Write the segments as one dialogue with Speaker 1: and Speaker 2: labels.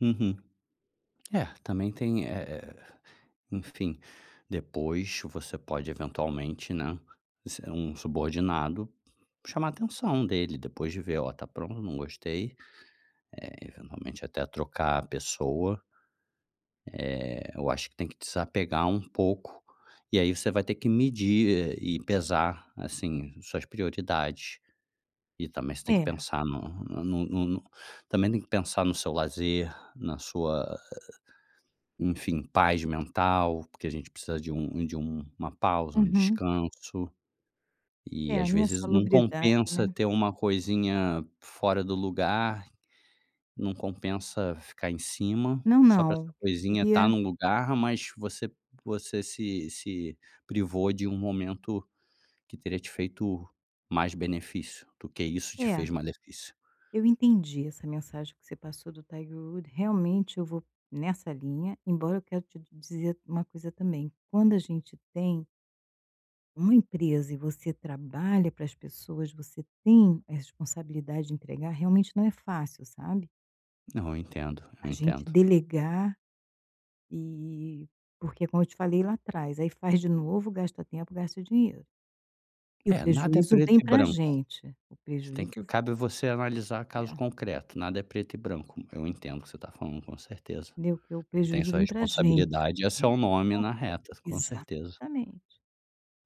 Speaker 1: Uhum, é, também tem, eh eh, enfim, depois você pode eventualmente, né, se é um subordinado, chamar a atenção dele depois de ver: "Ó, tá pron não gostei". Eh, eventualmente, até trocar a pessoa eh, eu acho que tem que desapegar um pouco e aí você vai ter que medir, eh, e pesar, assim, suas prioridades. E também você tem que
Speaker 2: Era.
Speaker 1: pensar no no no no também tem que pensar no seu lazer, na sua, enfim, paz mental, porque a gente precisa de um de um uma pausa, um
Speaker 2: Uhum.
Speaker 1: descanso e,
Speaker 2: É, a
Speaker 1: às
Speaker 2: minha
Speaker 1: vezes, não
Speaker 2: salubridade,
Speaker 1: compensa
Speaker 2: né.
Speaker 1: ter uma coisinha fora do lugar. Não compensa ficar em cima
Speaker 2: Não,
Speaker 1: só pra
Speaker 2: não.
Speaker 1: essa
Speaker 2: O que eu
Speaker 1: coisinha estar
Speaker 2: queria
Speaker 1: num lugar mas você você se se privou de um momento que teria te feito mais benefício do que isso te
Speaker 2: É.
Speaker 1: fez malefício.
Speaker 2: Eu entendi essa mensagem que você passou do Tiger Woods, realmente eu vou nessa linha, embora eu quero te dizer uma coisa também, quando a gente tem uma empresa e você trabalha para as pessoas, você tem a responsabilidade de entregar, realmente não é fácil, sabe.
Speaker 1: Não, eu entendo, eu
Speaker 2: A gente
Speaker 1: entendo.
Speaker 2: delegar e porque, como eu te falei lá atrás, aí faz de novo, gasta o tempo, gasta o dinheiro e o
Speaker 1: É, nada é
Speaker 2: prejuízo
Speaker 1: preto
Speaker 2: vem
Speaker 1: e
Speaker 2: pra
Speaker 1: branco,
Speaker 2: gente, o
Speaker 1: você tem
Speaker 2: prejuízo
Speaker 1: que
Speaker 2: v
Speaker 1: cabe a você analisar
Speaker 2: E
Speaker 1: caso
Speaker 2: é.
Speaker 1: concreto, nada é preto e branco. Eu entendo o que você tá falando, com certeza,
Speaker 2: Né, que o
Speaker 1: você tem
Speaker 2: prejuízo
Speaker 1: sua
Speaker 2: vem pra gente
Speaker 1: responsabilidade e é o seu nome na reta, com certeza.
Speaker 2: exatamente.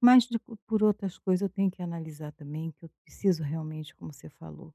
Speaker 2: Mas de co por outras coisas eu tenho que analisar também que eu preciso realmente, como você falou